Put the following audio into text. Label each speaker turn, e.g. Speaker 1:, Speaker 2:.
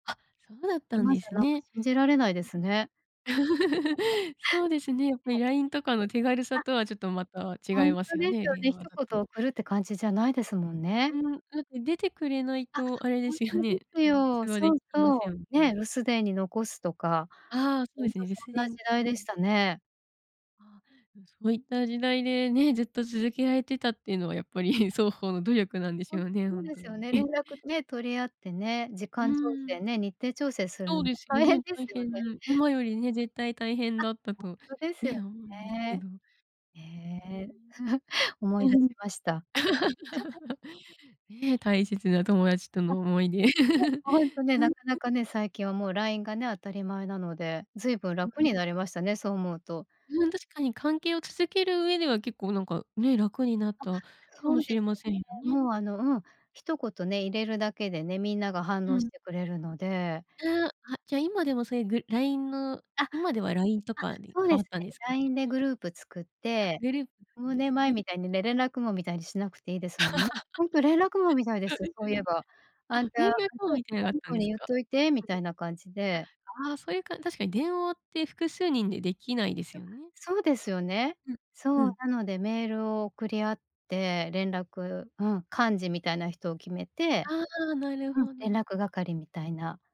Speaker 1: あ、そうだったん
Speaker 2: 今
Speaker 1: で
Speaker 2: じゃ、
Speaker 1: す
Speaker 2: なんか、
Speaker 1: ね。
Speaker 2: 信じられないですね。そいで、
Speaker 1: そうですね、やっぱ
Speaker 2: え
Speaker 1: り
Speaker 2: え。
Speaker 1: LINE とかの手軽さ
Speaker 2: あ。
Speaker 1: とはちょっとまた
Speaker 2: ほ
Speaker 1: 違い
Speaker 2: ん
Speaker 1: ます
Speaker 2: と
Speaker 1: よ
Speaker 2: です
Speaker 1: ね、
Speaker 2: よ
Speaker 1: 電
Speaker 2: ね、一
Speaker 1: 話だ
Speaker 2: 言
Speaker 1: と。
Speaker 2: 送るって感じじゃないですもんね。
Speaker 1: うん、だって出てくれない
Speaker 2: あ、
Speaker 1: と、あれで
Speaker 2: ほん
Speaker 1: すよ
Speaker 2: とで
Speaker 1: ね、
Speaker 2: す
Speaker 1: あの、
Speaker 2: よ、
Speaker 1: 通話
Speaker 2: そ
Speaker 1: で
Speaker 2: う
Speaker 1: きま
Speaker 2: そ
Speaker 1: せんよ
Speaker 2: う。
Speaker 1: ね。
Speaker 2: ね、留守電に残すとか、
Speaker 1: ああ、そう
Speaker 2: ほ
Speaker 1: で
Speaker 2: ん
Speaker 1: す
Speaker 2: と
Speaker 1: ね。
Speaker 2: そ
Speaker 1: 留守
Speaker 2: んな時
Speaker 1: 電。あ
Speaker 2: 代でし
Speaker 1: あ。
Speaker 2: たね。
Speaker 1: ああ。うん、そういった時代でね、ずっと続けられてたっていうのは、やっぱり双方の努力なんでし
Speaker 2: ほん
Speaker 1: ょうね、
Speaker 2: そ
Speaker 1: ほ
Speaker 2: う
Speaker 1: ん
Speaker 2: で
Speaker 1: と
Speaker 2: す
Speaker 1: に。
Speaker 2: よね、連 絡ね、取り合ってね、時
Speaker 1: うー
Speaker 2: 間調整
Speaker 1: ん。
Speaker 2: ね、日程調整する
Speaker 1: そう
Speaker 2: の
Speaker 1: ですよ
Speaker 2: 大変
Speaker 1: ね、
Speaker 2: です
Speaker 1: 大
Speaker 2: よ
Speaker 1: 変、
Speaker 2: ね。
Speaker 1: 今よりね、絶対大変
Speaker 2: あ、
Speaker 1: だった
Speaker 2: ほ
Speaker 1: と、
Speaker 2: んとですよ
Speaker 1: ね、思うんですけ
Speaker 2: ね。
Speaker 1: ど。
Speaker 2: ええ。
Speaker 1: う
Speaker 2: 思
Speaker 1: ー
Speaker 2: い出し
Speaker 1: ん。
Speaker 2: ました。
Speaker 1: ね、大切な友達と
Speaker 2: あ。
Speaker 1: の思い出。
Speaker 2: うん、ほんとね、
Speaker 1: う
Speaker 2: な
Speaker 1: ん。
Speaker 2: かなかね、最近はもう LINE がね、当たり前なので、ずいぶん
Speaker 1: う
Speaker 2: 楽
Speaker 1: ん。
Speaker 2: になりましたね、そう思うと。
Speaker 1: うん、確かに、関係を続ける上では結構なんかね、楽になっ
Speaker 2: あ、
Speaker 1: たか
Speaker 2: そ
Speaker 1: も
Speaker 2: う
Speaker 1: し
Speaker 2: です
Speaker 1: れませんよ
Speaker 2: ね、
Speaker 1: ね。
Speaker 2: もう、あの、うん、一言ね、入れるだけでね、みんなが反
Speaker 1: う
Speaker 2: 応し
Speaker 1: ん。
Speaker 2: てくれるので
Speaker 1: ええ、あ、じゃ、今でもそういうぐ LINE の
Speaker 2: あ、あ、
Speaker 1: 今では LINE とかに
Speaker 2: そう
Speaker 1: 変
Speaker 2: で
Speaker 1: わ
Speaker 2: す
Speaker 1: ったん
Speaker 2: ね。
Speaker 1: ですかね？
Speaker 2: LINE でグループ作っ
Speaker 1: あ、
Speaker 2: て、う
Speaker 1: グループつくん
Speaker 2: ん
Speaker 1: です
Speaker 2: 年前
Speaker 1: ね。
Speaker 2: みたいにね、連絡網みたいにしなくていいですもんね。ほんと連絡網み たいで
Speaker 1: そう
Speaker 2: すよ、
Speaker 1: で
Speaker 2: そ
Speaker 1: す
Speaker 2: ういえ
Speaker 1: ね。
Speaker 2: ば。「あ
Speaker 1: あ、
Speaker 2: んた、
Speaker 1: 連
Speaker 2: あ
Speaker 1: 絡網
Speaker 2: と、
Speaker 1: みたいのがあ
Speaker 2: あ
Speaker 1: っ
Speaker 2: の
Speaker 1: たん
Speaker 2: 子
Speaker 1: です
Speaker 2: にゆっ
Speaker 1: か？
Speaker 2: といて」みたいな感じで。
Speaker 1: うん。あ、ああ、そういうかん確かに電話って複数人でできないです
Speaker 2: や、
Speaker 1: よね。
Speaker 2: そうですよね。
Speaker 1: うん、う
Speaker 2: そう、
Speaker 1: ん。
Speaker 2: なのでメールを送り合って連絡、うん、幹事みたいな人を決めて
Speaker 1: ああ、なる
Speaker 2: うん、
Speaker 1: ほ
Speaker 2: 連
Speaker 1: ど。
Speaker 2: 絡係みたいな。